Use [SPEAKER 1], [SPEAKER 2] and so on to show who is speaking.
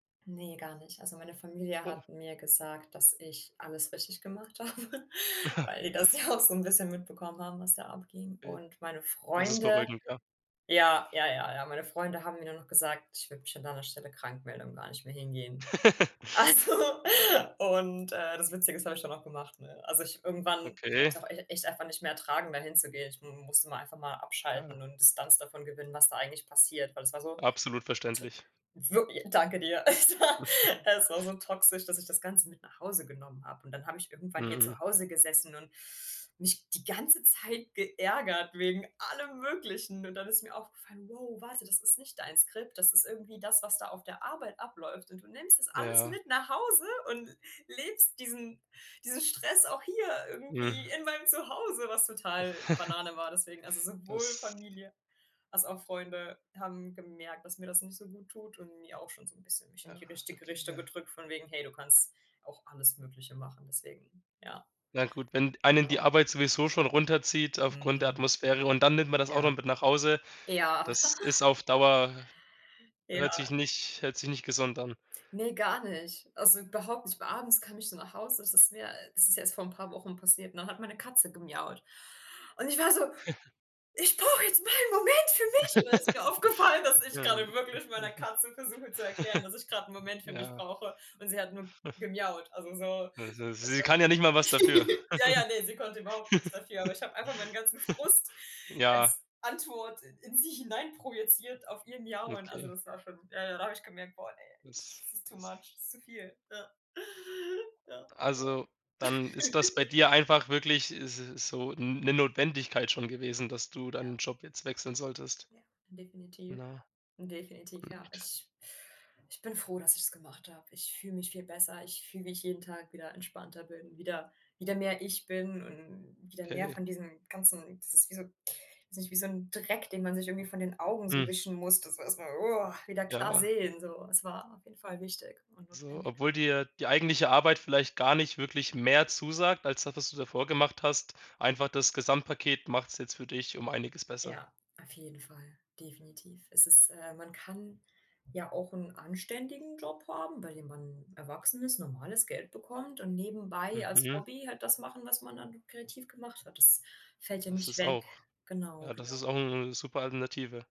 [SPEAKER 1] Ne, gar nicht. Also, meine Familie
[SPEAKER 2] Oh.
[SPEAKER 1] hat mir gesagt, dass ich alles richtig gemacht habe, weil die das ja auch so 'n bisschen mitbekommen haben, was da abging.
[SPEAKER 2] Äh,
[SPEAKER 1] Und meine
[SPEAKER 2] das ist
[SPEAKER 1] Freunde
[SPEAKER 2] beruhigend, ja.
[SPEAKER 1] Ja, ja, ja, ja. Meine Freunde haben mir dann noch gesagt: „Ich würde mich an deiner Stelle krankmelden und gar nicht mehr hingehen.“ Also, und, äh, das Witzige ist, habe ich dann auch gemacht, ne? Also, ich irgendwann habe
[SPEAKER 2] Okay.
[SPEAKER 1] ich's auch ech echt einfach nicht mehr ertragen, da hinzugehen. Ich m m musste mal einfach mal abschalten
[SPEAKER 2] Ja.
[SPEAKER 1] und Distanz davon gewinnen, was da eigentlich passiert, weil es war so t
[SPEAKER 2] Absolut verständlich.
[SPEAKER 1] wirk Danke dir. Es war es war so toxisch, dass ich das Ganze mit nach Hause genommen habe. Und dann habe ich irgendwann hier
[SPEAKER 2] Mhm.
[SPEAKER 1] zu Hause gesessen und mich die ganze Zeit geärgert wegen allem Möglichen. Und dann ist mir aufgefallen: „Wow, warte, das ist nicht dein Skript. Das ist irgendwie das, was da auf der Arbeit abläuft. Und du nimmst das alles
[SPEAKER 2] Ja.
[SPEAKER 1] mit nach Hause und l lebst diesen diesen Stress auch hier irgendwie
[SPEAKER 2] Mhm.
[SPEAKER 1] in meinem Zuhause,“ was total Banane war. Deswegen also, sowohl
[SPEAKER 2] Das
[SPEAKER 1] Familie als auch Freunde haben gemerkt, dass mir das nicht so guttut, und mir auch schon so 'n bisschen mich in
[SPEAKER 2] Ja,
[SPEAKER 1] die richtige
[SPEAKER 2] okay,
[SPEAKER 1] Richtung
[SPEAKER 2] ja.
[SPEAKER 1] gedrückt von wegen: „Hey, du kannst auch alles Mögliche machen.“ Deswegen ja.
[SPEAKER 2] Na gut, wenn einen die
[SPEAKER 1] Genau.
[SPEAKER 2] Arbeit sowieso schon runterzieht aufgrund der
[SPEAKER 1] Mhm.
[SPEAKER 2] Atmosphäre und dann nimmt man das auch noch
[SPEAKER 1] Ja.
[SPEAKER 2] mit nach Hause,
[SPEAKER 1] Ja.
[SPEAKER 2] das ist auf Dauer hört sich
[SPEAKER 1] Ja.
[SPEAKER 2] nicht hört sich nicht gesund an.
[SPEAKER 1] Ne, gar nicht. Also, überhaupt nicht. Weil abends kam ich dann nach Hause. Das ist mir das ist erst vor 'n paar Wochen passiert, ne, hat meine Katze gemiaut. Und ich war so: „Ich brauche jetzt mal 'n Moment für mich!“ Und dann ist mir aufgefallen, dass ich grade
[SPEAKER 2] Ähm.
[SPEAKER 1] wirklich meiner Katze versuche zu erklären, dass ich gerade 'n Moment für mich
[SPEAKER 2] Ja.
[SPEAKER 1] brauche. Und sie hat nur gemiaut. Also, so.
[SPEAKER 2] Ja, s sie kann ja nicht mal
[SPEAKER 1] [unintelligible]
[SPEAKER 2] was dafür.
[SPEAKER 1] Ja, ja, ne. Sie konnte überhaupt nichts dafür. Aber ich habe einfach meinen ganzen Frust
[SPEAKER 2] Ja.
[SPEAKER 1] als Antwort in sie hineinprojeziert auf ihr Miauen. Also,
[SPEAKER 2] Okay.
[SPEAKER 1] das war schon ja, ja. Da habe ich gemerkt: „Boah, ne,
[SPEAKER 2] Das,
[SPEAKER 1] das ist too
[SPEAKER 2] das
[SPEAKER 1] much. Das ist zu viel.“ Ja. Ja, ja.
[SPEAKER 2] Also, dann ist das bei dir einfach wirklich s so 'n 'ne Notwendigkeit schon gewesen, dass du deinen
[SPEAKER 1] Ja.
[SPEAKER 2] Job jetzt wechseln solltest.
[SPEAKER 1] Ja. Definitiv.
[SPEAKER 2] Na?
[SPEAKER 1] Definitiv. Ja.
[SPEAKER 2] Und
[SPEAKER 1] Ich ich bin froh, dass ich's gemacht habe. Ich fühle mich viel besser. Ich fühle mich jeden Tag wieder entspannter, bin wieder wieder mehr ich, bin und wieder mehr
[SPEAKER 2] Okay.
[SPEAKER 1] von diesen ganzen das ist wie so weiß nicht, wie so 'n Dreck, den man sich irgendwie von den Augen so
[SPEAKER 2] Hm.
[SPEAKER 1] wischen muss, dass man erst mal woa, wieder klar
[SPEAKER 2] Ja.
[SPEAKER 1] sehen, so. Es war auf jeden Fall wichtig und
[SPEAKER 2] So,
[SPEAKER 1] notwendig.
[SPEAKER 2] obwohl dir die eigentliche Arbeit vielleicht gar nicht wirklich mehr zusagt als das, was du davor gemacht hast. Einfach das Gesamtpaket macht's jetzt für dich um Einiges besser.
[SPEAKER 1] Ja, auf jeden Fall. Definitiv. Es ist äh, man kann ja auch 'n anständigen Job haben, bei dem man erwachsen ist, normales Geld bekommt und nebenbei als
[SPEAKER 2] Mhm.
[SPEAKER 1] Hobby halt das machen, was man dann kreativ gemacht hat. Das fällt ja
[SPEAKER 2] Das
[SPEAKER 1] nicht
[SPEAKER 2] ist
[SPEAKER 1] weg.
[SPEAKER 2] auch
[SPEAKER 1] Genau,
[SPEAKER 2] ja, das
[SPEAKER 1] genau.
[SPEAKER 2] ist auch 'n 'ne super Alternative.